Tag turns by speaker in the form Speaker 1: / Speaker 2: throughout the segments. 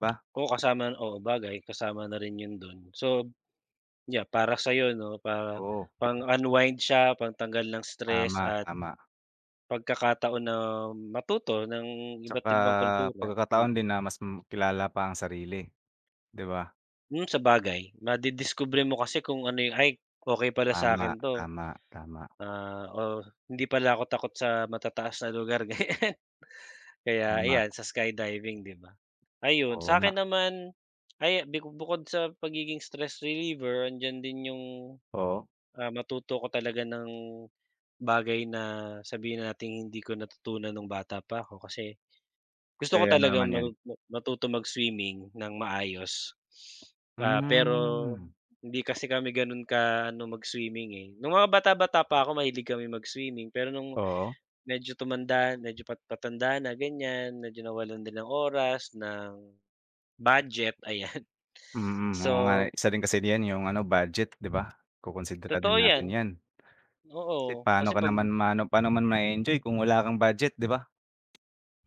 Speaker 1: Ba.
Speaker 2: O, kasama oo 'bagay kasama na rin yun dun. So, yan para sayo ano para
Speaker 1: Oo.
Speaker 2: pang unwind, siya pang tanggal ng stress
Speaker 1: Tama,
Speaker 2: at
Speaker 1: tama.
Speaker 2: pagkakataon na matuto ng
Speaker 1: Tsaka
Speaker 2: iba't-ibang kultura,
Speaker 1: pagkakataon
Speaker 2: mm.
Speaker 1: din na mas makilala pa ang sarili, di ba?
Speaker 2: Mm, sabagay madidiskubre mo kasi kung ano yung "Ay, okey pala
Speaker 1: Tama,
Speaker 2: sakin to,"
Speaker 1: tama, tama.
Speaker 2: ah, o "hindi pala ako takot sa matataas na lugar." ganyan.
Speaker 1: Oo
Speaker 2: Kaya
Speaker 1: nga.
Speaker 2: ayan sa skydiving di ba. Ayun,
Speaker 1: Oo
Speaker 2: sakin
Speaker 1: nga.
Speaker 2: naman ay biko bukod sa pagiging stress reliever andiyan din yung,
Speaker 1: Oo?
Speaker 2: ah matuto ko talaga ng bagay na sabihin na nating hindi ko natutunan nung bata pa ako kasi gusto ko
Speaker 1: Eh, ano
Speaker 2: talagang
Speaker 1: naman yun?
Speaker 2: matu ma matuto mag-swimming ng maayos. Ah, pero
Speaker 1: Mm.
Speaker 2: hindi kasi kami gano'n ka ano mag-swimming, eh. Nung mga bata-bata pa ako mahilig kami mag-swimming pero nung
Speaker 1: Oo?
Speaker 2: medyo tumanda medyo pat patanda na ganyan medyo nawalan din ng oras, ng budget ayan
Speaker 1: Mm, oo nga
Speaker 2: so.
Speaker 1: isa rin kasi din yung ano budget di ba, kukunsidera din
Speaker 2: Totoo yan,
Speaker 1: natin yan. Kasi
Speaker 2: oo
Speaker 1: paano
Speaker 2: kasi
Speaker 1: ka
Speaker 2: pag
Speaker 1: naman ma ano paano mo naman ma-eenjoy kung wala kang budget di ba?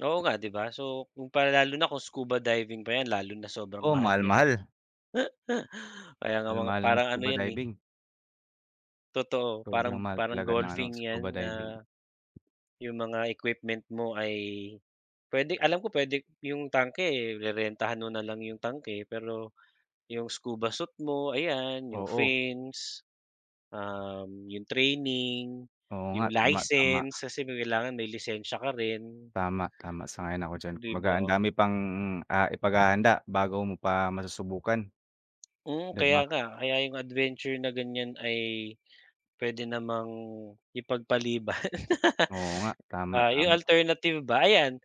Speaker 2: Oo nga di ba. So, kung pa lalo na kung scuba diving pa yan lalo na sobrang
Speaker 1: Oo,
Speaker 2: mahal niyan.
Speaker 1: mahal-mahal.
Speaker 2: Kaya nga mga
Speaker 1: Mahal-mahal ng
Speaker 2: parang ano
Speaker 1: scuba
Speaker 2: yan, eh.
Speaker 1: diving.
Speaker 2: Totoo
Speaker 1: Sobrang
Speaker 2: parang
Speaker 1: mahal
Speaker 2: parang
Speaker 1: talaga ng ano
Speaker 2: golfing
Speaker 1: scuba
Speaker 2: yan
Speaker 1: diving.
Speaker 2: na, yung mga equipment mo ay pwede alam ko pwede yung tanke, eh, rerentahan mo na lang yung tanke. Pero yung scuba suit mo ayan yung
Speaker 1: Oo.
Speaker 2: fins, um, yung training,
Speaker 1: Oo nga,
Speaker 2: yung
Speaker 1: tama tama.
Speaker 2: license- kasi may kailangan may lisensya ka rin.
Speaker 1: Tama, tama. Sang-ayon ako diyan.
Speaker 2: Di
Speaker 1: Kumbaga ang
Speaker 2: ba?
Speaker 1: dami pang, ah, ipaghahanda bago mo pa masusubukan,
Speaker 2: Mm,
Speaker 1: di ba?
Speaker 2: kaya nga kaya yung adventure na ganyan ay pwede namang ipagpaliban.
Speaker 1: Oo nga. Tama,
Speaker 2: Ah, yung
Speaker 1: tama.
Speaker 2: alternative ba? Ayan,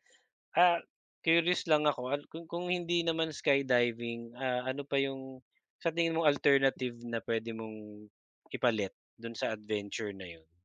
Speaker 2: ah, curious lang ako at kung kung hindi naman skydiving, ah, ano pa yung sa tingin mong alternative na pwede mong ipalit dun sa adventure na yun?